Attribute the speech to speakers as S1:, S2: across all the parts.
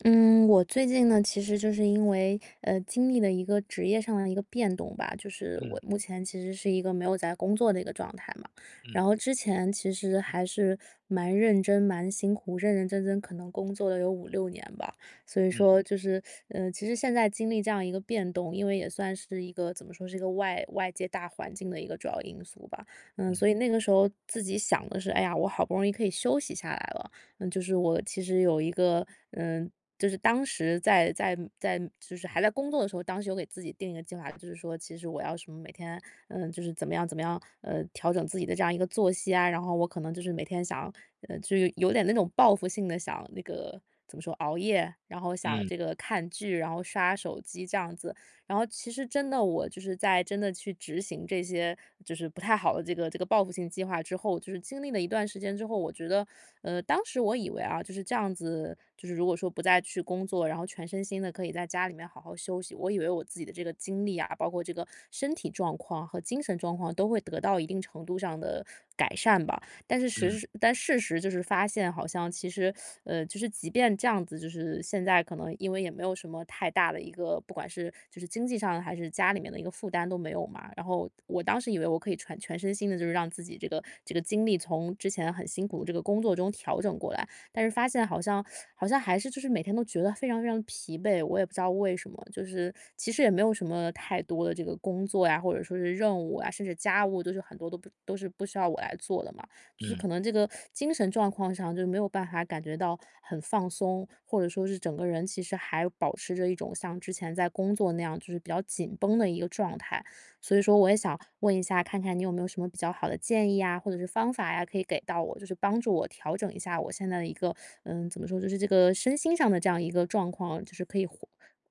S1: 嗯，我最近呢，其实就是因为，呃，经历了一个职业上的一个变动吧，就是我
S2: 嗯。
S1: 目前其实是一个没有在工作的一个状态嘛。然
S2: 嗯。
S1: 后之前其实还是蛮认真、蛮辛苦，认认真真可能工作了有5-6年吧，所以
S2: 嗯。
S1: 说就是，呃，其实现在经历这样一个变动，因为也算是一个怎么说是一个外外界大环境的一个主要因素吧。呃，所
S2: 嗯。
S1: 以那个时候自己想的是：“哎呀，我好不容易可以休息下来了。”呃，就是我其实有一个呃，就是当时在在在就是还在工作的时候，当时有给自己定一个计划，就是说其实我要什么每天，呃。就是怎么样怎么样，呃，调整自己的这样一个作息啊，然后我可能就是每天想要，呃，就有有点那种报复性地想那个怎么说熬夜，然后想
S2: 嗯。
S1: 这个看剧，然后刷手机这样子。然后其实真的我就是在真的去执行这些就是不太好的这个这个报复性计划之后，就是经历了一段时间之后，我觉得呃，当时我以为啊，就是这样子，就是如果说不再去工作，然后全身心地可以在家里面好好休息，我以为我自己的这个精力啊，包括这个身体状况和精神状况都会得到一定程度上的改善吧。但是
S2: 嗯。
S1: 实但事实就是发现，好像其实，呃，就是即便这样子，就是现在可能因为也没有什么太大的一个，不管是，就是经济上还是家里面的一个负担都没有嘛。然后我当时以为我可以全全身心地就是让自己这个这个精力从之前很辛苦，这个工作中调整过来，但是发现好像 好像还是就是每天都觉得非常非常疲惫。我也不知道为什么，就是其实也没有什么太多的这个工作呀，或者说是任务啊，甚至家务都是很多都不都是不需要我来做的嘛。就是
S2: 嗯。
S1: 可能这个 精神状况上就没有办法感觉到很放松，或者说是整个人其实还保持着一种像之前在工作那样，就是比较紧绷的一个状态。所以说我也想问一下，看看你有没有什么比较好的建议呀，或者是方法呀，可以给到我，就是帮助我调整一下我现在的一个呃，怎么说，就是这个身心上的这样一个状况，就是可以恢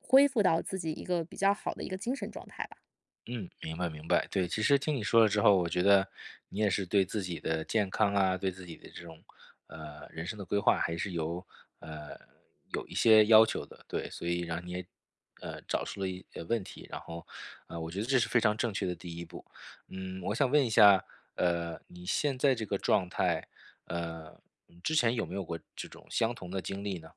S1: 恢复到自己一个比较好的一个精神状态吧。
S2: 嗯，明白，明白。对，其实听你说了之后，我觉得你也是对自己的健康啊，对自己的这种，呃，人生的规划还是有，呃，有一些要求的。对，所以让你也呃，找出了一呃，问题。然后呃，我觉得这是非常正确的第一步。嗯，我想问一下，呃，你现在这个状态，呃，之前有没有过这种相同的经历呢？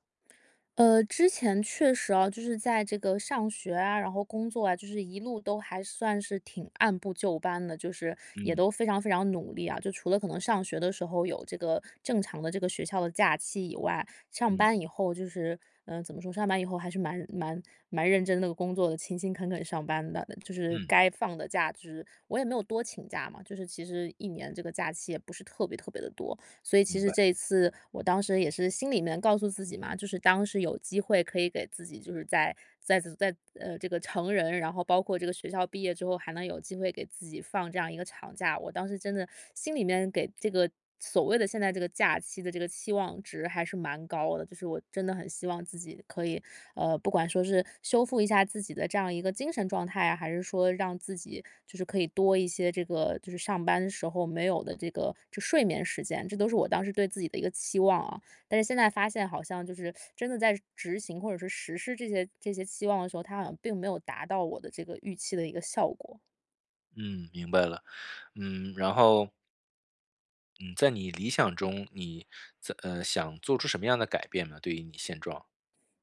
S1: 呃，之前确实啊，就是在这个上学啊，然后工作啊，就是一路都还算是挺按部就班的，就是也
S2: 嗯。
S1: 都非常非常努力啊。就除了可能上学的时候有这个正常的这个学校的假期以外。上
S2: 嗯。
S1: 班以后就是，嗯，怎么说，上班以后还是蛮蛮蛮认真地工作的，勤勤恳恳上班的，就是
S2: 嗯。
S1: 该放的假就是我也没有多请假嘛，就是其实1年这个假期也不是特别特别地多。所以其
S2: 明
S1: 实
S2: 白。
S1: 这一次我当时也是心里面告诉自己嘛，就是当时有机会可以给自己，就是在在在，呃，这个成人，然后包括这个学校毕业之后，还能有机会给自己放这样一个长假，我当时真的心里面给这个所谓的现在这个假期的这个期望值还是蛮高的。就是我真的很希望自己可以，呃，不管说是修复一下自己的这样一个精神状态啊，还是说让自己就是可以多一些这个就是上班时候没有的这个就睡眠时间，这都是我当时对自己的一个期望啊。但是现在发现好像就是真的在执行或者是实施这些这些期望的时候，它好像并没有达到我的这个预期的一个效果。
S2: 嗯，明白了，嗯，然后嗯，在你理想中，你怎呃，想做出什么样的改变呢？对于你现状。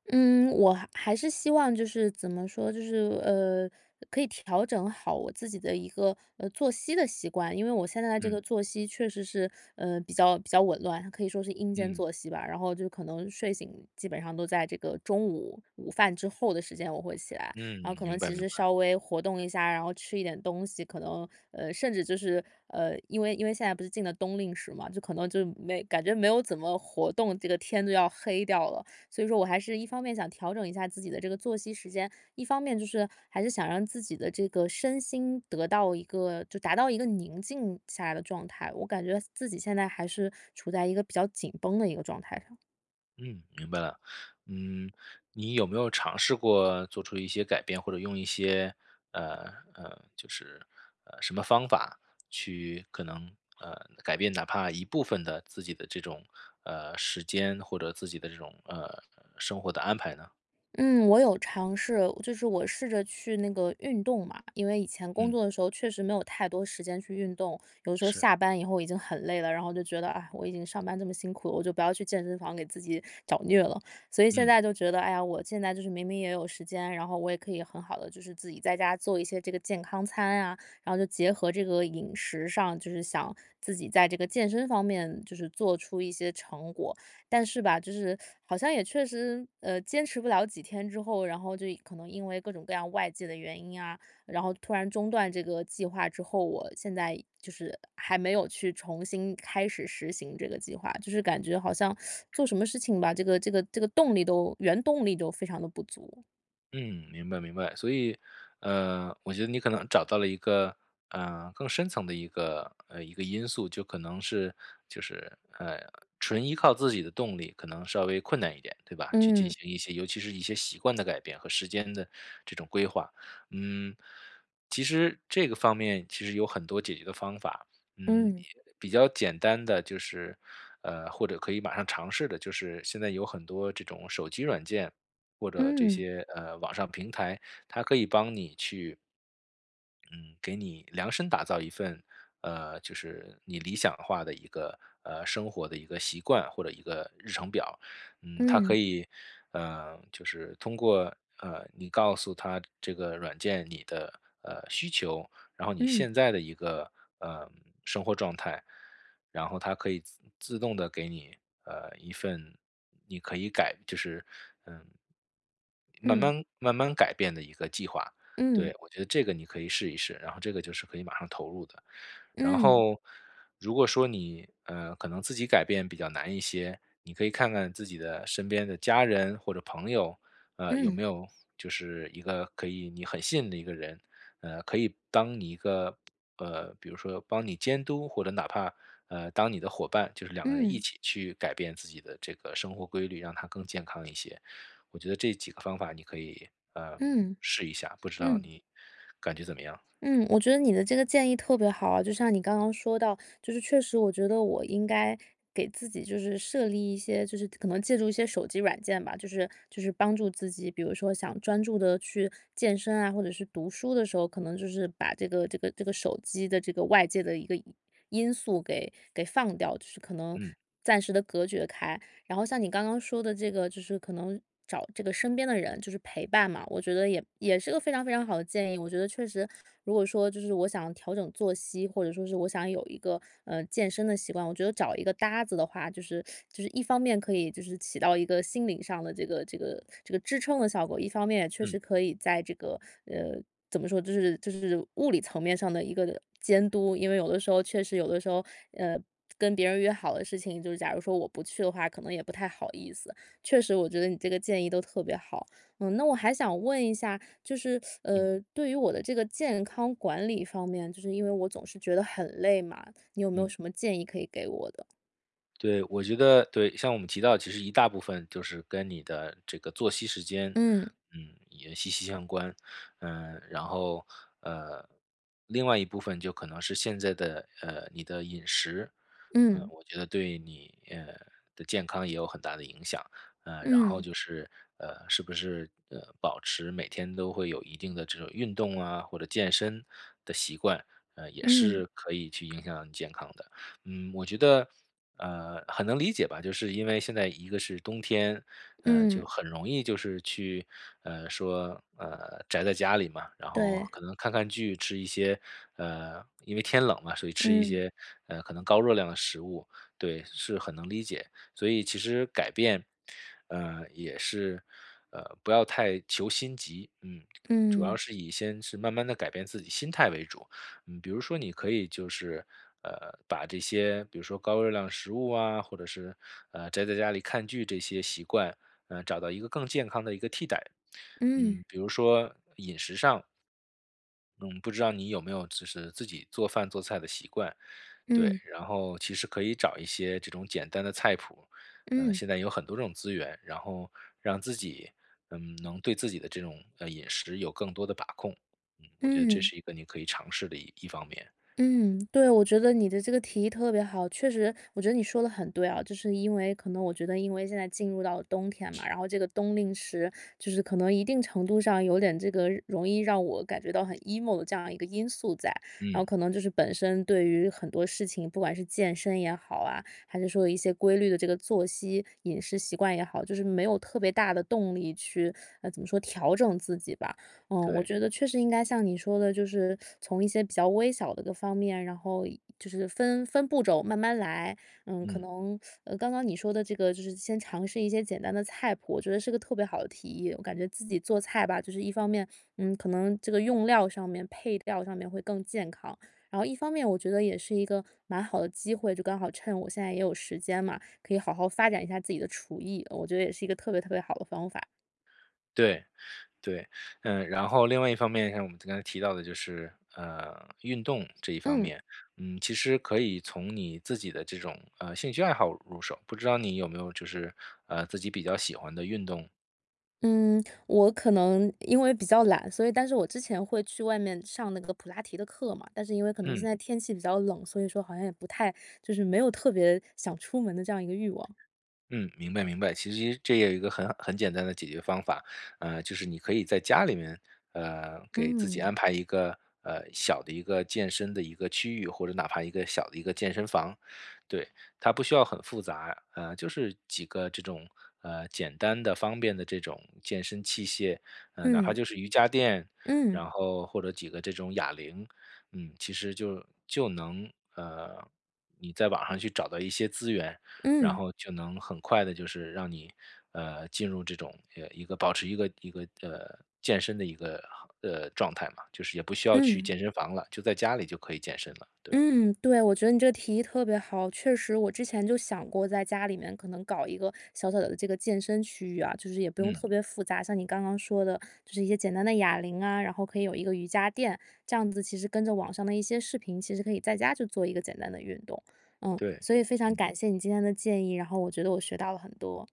S1: 嗯，我还还是希望就是怎么说，就是，呃，可以调整好我自己的一个，呃，作息的习惯。因为我现在的这
S2: 嗯。
S1: 个作息确实是，呃，比较比较紊乱，可以说是阴间
S2: 嗯。
S1: 作息吧，然后就可能睡醒基本上都在这个中午午饭之后的时间，我会起来，
S2: 嗯，
S1: 然后可能
S2: 明白，
S1: 其
S2: 明
S1: 实
S2: 白。
S1: 稍微活动一下，然后吃一点东西。可能呃，甚至就是，呃，因为因为现在不是进了冬令时嘛，就可能就没感觉没有怎么活动，这个天都要黑掉了。所以说我还是一方面想调整一下自己的这个作息时间，一方面就是还是想让自己的这个身心得到一个，就达到一个宁静下来的状态，我感觉自己现在还是处在一个比较紧绷的一个状态上。
S2: 嗯，明白了。嗯，你有没有尝试过做出一些改变，或者用一些，呃，呃，就是呃，什么方法去可能，呃，改变哪怕一部分的自己的这种，呃，时间或者自己的这种，呃，生活的安排呢？
S1: 嗯，我有尝试，就是我试着去那个运动嘛。因为以前工
S2: 嗯。
S1: 作的时候确实没有太多时间去运动，有的时候
S2: 是。
S1: 下班以后已经很累了，然后就觉得，啊，我已经上班这么辛苦了，我就不要去健身房给自己找虐了。所以现
S2: 嗯。
S1: 在就觉得，哎呀，我现在就是明明也有时间，然后我也可以很好地就是自己在家做一些这个健康餐呀，然后就结合这个饮食上，就是想自己在这个健身方面就是做出一些成果。但是吧，就是好像也确实呃坚持不了几天之后，然后就可能因为各种各样外界的原因啊，然后突然中断这个计划之后，我现在就是还没有去重新开始实行这个计划，就是感觉好像 做什么事情吧，这个这个这个动力都原动力都非常地不足。
S2: 嗯，明白明白，所以呃我觉得你可能找到了一个呃更深层的一个呃一个因素就可能是就是，呃，纯依靠自己的动力可能稍微困难一点，对吧？去进
S1: 嗯。
S2: 行一些，尤其是一些习惯的改变和时间的这种规划。嗯，其实这个方面其实有很多解决的方法。嗯，
S1: 嗯。
S2: 也比较简单的就是呃或者可以马上尝试的就是，现在有很多这种手机软件，或者这
S1: 嗯。
S2: 些呃网上平台，它可以帮你去嗯，给你量身打造一份，呃，就是你理想化的一个，呃，生活的一个习惯或者一个日程表。嗯，它
S1: 嗯。
S2: 可以，呃，就是通过，呃，你告诉它这个软件，你的呃，需求，然后你
S1: 嗯。
S2: 现在的一个，呃，生活状态，然后它可以自自动地给你，呃，一份，你可以改就是嗯，慢
S1: 嗯。
S2: 慢慢慢改变的一个计划，
S1: 嗯。
S2: 对，我觉得这个你可以试一试，然后这个就是可以马上投入的。然
S1: 嗯。
S2: 后如果说你，呃，可能自己改变比较难一些，你可以看看自己的身边的家人或者朋友，呃，有
S1: 嗯。
S2: 没有就是一个可以你很信任的一个人，呃，可以当你一个，呃，比如说帮你监督，或者哪怕，呃，当你的伙伴，就是两个人一
S1: 嗯。
S2: 起去改变自己的这个生活规律，让它更健康一些。我觉得这几个方法你可以，呃，
S1: 嗯，
S2: 试一下，不知道
S1: 嗯。
S2: 你感觉怎么样？
S1: 嗯，我觉得你的这个建议特别好啊，就像你刚刚说到，就是确实我觉得我应该给自己就是设立一些，就是可能借助一些手机软件吧，就是就是帮助自己。比如说想专注地去健身啊，或者是读书的时候，可能就是把这个这个这个手机的这个外界的一个因因素给给放掉，就是可能
S2: 嗯。
S1: 暂时地隔绝开。然后像你刚刚说的这个就是可能找这个身边的人就是陪伴嘛，我觉得也也是个非常非常好的建议，我觉得确实如果说就是我想要调整作息，或者说是我想有一个，呃，健身的习惯，我觉得找一个搭子的话，就是就是一方面可以就是起到一个心理上的这个这个这个支撑的效果，一方面也确实
S2: 嗯。
S1: 可以在这个，呃，怎么说，就是就是物理层面上的一个监督。因为有的时候确实有的时候，呃，跟别人约好的事情，就是假如说我不去的话，可能也不太好意思。确实我觉得你这个建议都特别好，嗯，那我还想问一下，就是
S2: 嗯。
S1: 呃，对于我的这个健康管理方面，就是因为我总是觉得很累嘛，你有没有
S2: 嗯。
S1: 什么建议可以给我的？
S2: 对，我觉得对，像我们提到其实一大部分就是跟你的这个作息时间，
S1: 嗯。
S2: 嗯，也息息相关。呃，然后呃，另外一部分就可能是现在的，呃，你的饮食，呃，
S1: 嗯。
S2: 我觉得对你，呃，的健康也有很大的影响。呃，然后
S1: 嗯。
S2: 就是，呃，是不是，呃，保持每天都会有一定的这种运动啊，或者健身的习惯，呃，也
S1: 嗯。
S2: 是可以去影响你健康的。嗯，我觉得，呃，很能理解吧，就是因为现在一个是冬天，呃，
S1: 嗯。
S2: 就很容易就是去呃，说，呃，宅在家里嘛，然后
S1: 对。
S2: 可能看看剧吃一些呃，因为天冷了，所以吃一
S1: 嗯。
S2: 些，呃，可能高热量的食物，对，是很能理解。所以其实改变，呃，也是呃，不要太求心急，嗯，主要
S1: 嗯。
S2: 是以先是慢慢地改变自己心态为主。嗯，比如说你可以就是，呃，把这些比如说高热量食物啊，或者是呃，宅在家里看剧这些习惯，呃，找到一个更健康的一个替代。
S1: 嗯。
S2: 嗯，比如说饮食上，嗯，不知道你有没有就是自己做饭做菜的习惯，对，
S1: 嗯。
S2: 然后其实可以找一些这种简单的菜谱，呃，
S1: 嗯。
S2: 现在有很多这种资源，然后让自己，嗯，能对自己的这种，呃，饮食有更多的把控。嗯，我觉得这
S1: 嗯。
S2: 是一个你可以尝试的一一方面。
S1: 嗯，对，我觉得你的这个提议特别好。确实我觉得你说的很对啊，就是因为可能我觉得因为现在进入了到冬天嘛，然后这个冬令时就是可能一定程度上有点这个容易让我感觉到很 emo 的这样一个因素在，然后
S2: 嗯。
S1: 可能就是本身对于很多事情，不管是健身也好啊，还是说有一些规律的这个作息、饮食习惯也好，就是没有特别大的动力去，呃，怎么说调整自己吧。呃，我
S2: 对。
S1: 觉得，确实应该像你说的，就是从一些比较微小的一个方面，然后一就是分分步骤慢慢来。嗯，可
S2: 嗯。
S1: 能 刚刚你说的这个就是先尝试一些简单的菜谱，我觉得是个特别好的提议。我感觉自己做菜吧，就是一方面，嗯，可能这个用料上面、配料上面会更健康，然后一方面我觉得也是一个蛮好的机会，就刚好趁我现在也有时间嘛，可以好好发展一下自己的厨艺，我觉得也是一个特别特别好的方法。
S2: 对对。嗯，然后另外一方面像我们刚才提到的就是，呃，运动这一方
S1: 嗯。
S2: 面。嗯，其实可以从你自己的这种呃，兴趣爱好入手，不知道你有没有就是，呃，自己比较喜欢的运动？
S1: 嗯，我可能因为比较懒，所以但是我之前会去外面上那个普拉提的课嘛。但是因为可能
S2: 嗯。
S1: 现在天气比较冷，所以说好像也不太，就是没有特别想出门的这样一个欲望。
S2: 嗯，明白明白。其实这也一个很很简单的解决方法，呃，就是你可以在家里面，呃，给自己
S1: 嗯。
S2: 安排一个，呃，小的一个健身的一个区域，或者哪怕一个小的一个健身房，对。它不需要很复杂啊，嗯，就是几个这种呃，简单的方便的这种健身器械，呃，哪怕
S1: 嗯。
S2: 就是瑜伽垫，
S1: 嗯。
S2: 然后，或者几个这种哑铃。嗯，其实就就能呃，你在网上去找到一些资源，然
S1: 嗯。
S2: 后就能很快地，就是让你，呃，进入这种呃，一个保持一个一个，呃，健身的一个哈，呃，状态嘛，就是也不需要去
S1: 嗯。
S2: 健身房了，就在家里就可以健身了，对。
S1: 嗯，对。我觉得你这个提议特别好，确实我之前就想过，在家里面可能搞一个小小的这个健身区域啊。就是也不用
S2: 嗯。
S1: 特别复杂，像你刚刚说的，就是一些简单的哑铃啊，然后可以有一个瑜伽垫，这样子其实跟着网上的一些视频，其实可以在家就做一个简单的运动。嗯，
S2: 对。
S1: 所以非常
S2: 嗯。
S1: 感谢你今天的建议，然后我觉得我学到了很多。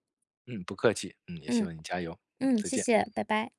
S2: 嗯，不客气。嗯，也希
S1: 嗯。
S2: 望你加油。嗯，
S1: 嗯，
S2: 再
S1: 谢
S2: 见。
S1: 谢！拜拜。